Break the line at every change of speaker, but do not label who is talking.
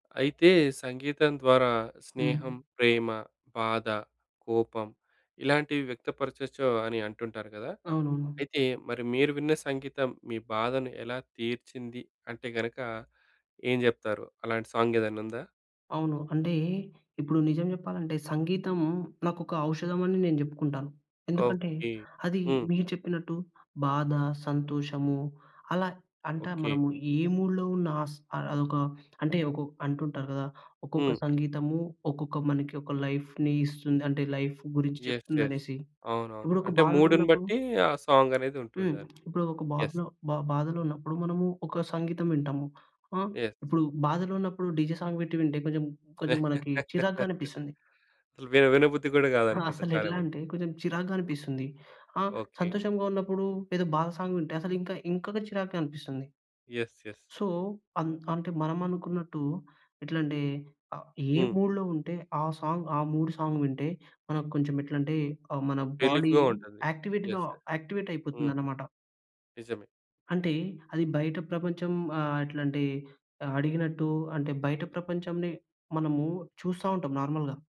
అయితే, సంగీతం ద్వారా స్నేహం,
హ్మ్.
ప్రేమ, బాధ, కోపం ఇలాంటివి వ్యక్త పరచచ్చో అని అంటుంటారు గదా!
అవునవును.
అయితే, మరి మీరు విన్న సంగీతం మీ బాధని ఎలా తీర్చింది అంటే గనక, ఏం జెప్తారు? అలాంటి సాంగేదన్నుందా?
అవును. అంటే, ఇప్పుడు నిజం జెప్పాలంటే, సంగీతం నాకొక ఔషధమని నేను జెప్పుకుంటాను. ఎందుకంటే,
ఓకే.
అది
హ్మ్.
మీరు చెప్పినట్టు బాధ, సంతోషము అలా. అంటా
ఓకే.
మనము ఏ మూడ్‌లో ఉన్నా స్ అ అదొక అంటే, ఒకొక్ అంటుంటారు గదా! ఒక్కొక్క
హ్మ్.
సంగీతము ఒక్కొక్క మనకి ఒక లైఫ్‌ని ఇస్తుంది, అంటే, లైఫ్ గురించి
యెస్. యెస్.
చెప్తుందనేసి.
అవునవును.
ఇప్పుడొక
అంటే,
బాధలో
మూడుని
ఉన్నప్పుడు
బట్టీ ఆ
హ్మ్.
సాంగనేదుంటుండని.
ఇప్పుడు ఒక
యెస్.
బాధనో బ బాధలో ఉన్నప్పుడు మనము ఒక సంగీతం వింటాము. ఆ!
యెస్.
ఇప్పుడు బాధలో ఉన్నప్పుడు డీజే సాంగ్ బెట్టి వింటే కొంచెం, కొంచెం మనకి చిరాగ్గా అనిపిస్తంది.
విల వినబుద్ధి గూడా
ఆ!
గాదనుకుంట చాలా
అసలెట్లా
మంది.
అంటే, కొంచెం చిరాగ్గా అనిపిస్తుంది. ఆ!
ఓకే.
సంతోషంగా ఉన్నప్పుడు ఏదో బాధ సాంగ్ వింటే, అసలు ఇంక, ఇంకొక చిరాగ్గా అనిపిస్తుంది.
యెస్. యెస్.
సో, అన్ అంటే, మనమనుకునట్టు ఎట్లంటే, ఆహ్, ఏ
హ్మ్.
మూడ్‌లో ఉంటే, ఆ సాంగ్, ఆ మూడు సాంగు వింటే, మనకు కొంచమెట్లంటే, ఆహ్, మన బాడీ
రిలీఫ్‌గా ఉంటుంది.
యాక్టివేట్‌గా
యెస్. ఎ హ్మ్.
యాక్టివేటయిపోతుందనమాట.
నిజమే.
అంటే, అది బయట ప్రపంచం ఆహ్, అట్లాంటి ఆహ్, అడిగినట్టు. అంటే, బయట ప్రపంచంని మనము చూస్తా ఉంటాం నార్మల్‌గా.